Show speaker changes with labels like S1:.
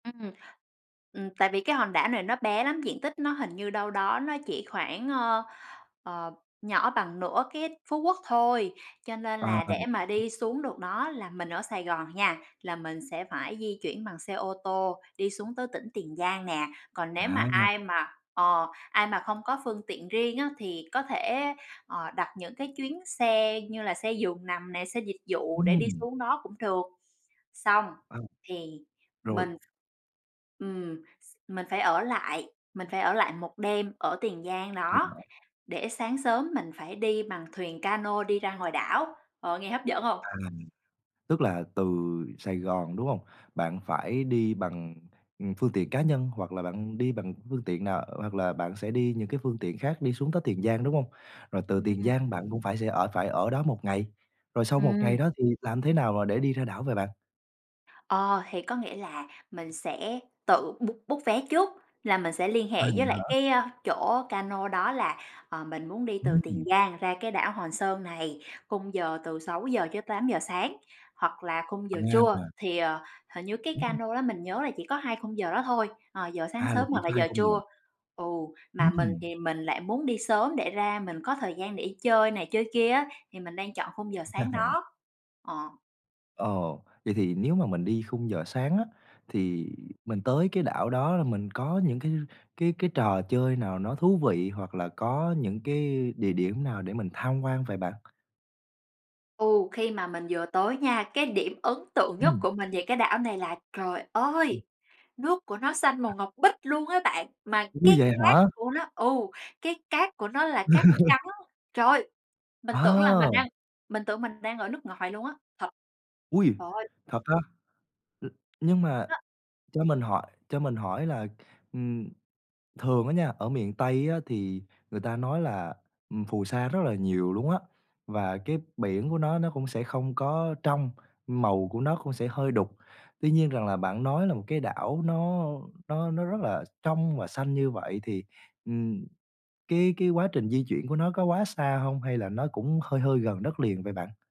S1: Ừm. Ừm, tại vì cái hòn đảo này nó bé lắm, diện tích nó hình như đâu đó nó chỉ khoảng, ơ, ờ, nhỏ bằng nửa cái Phú Quốc thôi. Cho nên
S2: Ờ,
S1: là để mà
S2: ừ.
S1: đi xuống được đó là mình ở Sài Gòn nha, là mình sẽ phải di chuyển bằng xe ô tô, đi xuống tới tỉnh Tiền Giang nè. Còn nếu mà
S2: À!
S1: ai mà ờ, ai mà không có phương tiện riêng á, thì có thể, ờ, đặt những cái chuyến xe như là xe giường nằm nè, xe dịch vụ để đi
S2: Ừm.
S1: xuống đó cũng được. Xong
S2: Ừ.
S1: thì
S2: Rồi.
S1: mình ừm, s mình phải ở lại, mình phải ở lại một đêm ở Tiền Giang
S2: Vậy
S1: đó
S2: hả?
S1: để sáng sớm mình phải đi bằng thuyền ca nô đi ra ngoài đảo. Ờ, nghe hấp dẫn hông?
S2: À. Tức là từ Sài Gòn, đúng hông? Bạn phải đi bằng, ừm, phương tiện cá nhân hoặc là bạn đi bằng phương tiện nào? Hoặc là bạn sẽ đi những cái phương tiện khác đi xuống tới Tiền Giang, đúng hông? Rồi từ Tiền
S1: Ừm.
S2: Giang, bạn cũng phải sẽ ở phải ở đó 1 ngày. Rồi sau 1
S1: Ừm.
S2: ngày đó thì làm thế nào mà để đi ra đảo vậy bạn?
S1: Ờ, thì có nghĩa là mình sẽ tự b book vé trước, là mình sẽ liên
S2: À,
S1: hệ
S2: vậy
S1: với lại
S2: hả?
S1: cái chỗ ca nô đó là, ờ, mình muốn đi từ Tiền
S2: Ừm.
S1: Giang ra cái đảo Hòn Sơn này, khung giờ từ 6:00-8:00 sáng, hoặc là khung giờ trưa.
S2: À.
S1: Thì, ờ, hình như cái ca
S2: Ừm.
S1: nô đó mình nhớ là chỉ có hai khung giờ đó thôi, ờ, giờ sáng
S2: À, là
S1: sớm
S2: chỉ
S1: hoặc là
S2: có hai
S1: giờ
S2: khung giờ.
S1: trưa. Ừ, mà mình
S2: Ừm.
S1: thì mình lại muốn đi sớm để ra mình có thời gian để đi chơi này chơi kia á, thì mình đang chọn khung giờ sáng đó. Ờ.
S2: Ồ! Vậy thì nếu mà mình đi khung giờ sáng á, thì mình tới cái đảo đó là mình có những cái cái cái trò chơi nào nó thú vị hoặc là có những cái địa điểm nào để mình tham quan vậy bạn?
S1: Ừ, khi mà mình vừa tới nha, cái điểm ấn tượng nhất
S2: Ừm.
S1: của mình về cái đảo này là trời
S2: Ừm.
S1: ơi, nước của nó xanh màu ngọc bích luôn á bạn, mà
S2: Ủa,
S1: cái
S2: vậy
S1: cát
S2: hả?
S1: của nó ừ, cái cát của nó là cát trắng. Trời ơi! Mình tưởng là mình
S2: À!
S1: đang mình tưởng mình đang ở nước ngoài luôn á, thật!
S2: Ôi,
S1: Trời ơi!
S2: thật á? Ư, nhưng mà
S1: Nó
S2: cho mình hỏi cho mình hỏi là, ừm, thường á nha, ở miền Tây á, thì người ta nói là, ừm, phù sa rất là nhiều luôn á, và cái biển của nó, nó cũng sẽ không có trong, màu của nó cũng sẽ hơi đục. Tuy nhiên rằng là bạn nói là một cái đảo nó nó nó rất là trong và xanh như vậy thì, ừm, cái cái quá trình di chuyển của nó có quá xa hông hay là nó cũng hơi hơi gần đất liền vậy bạn?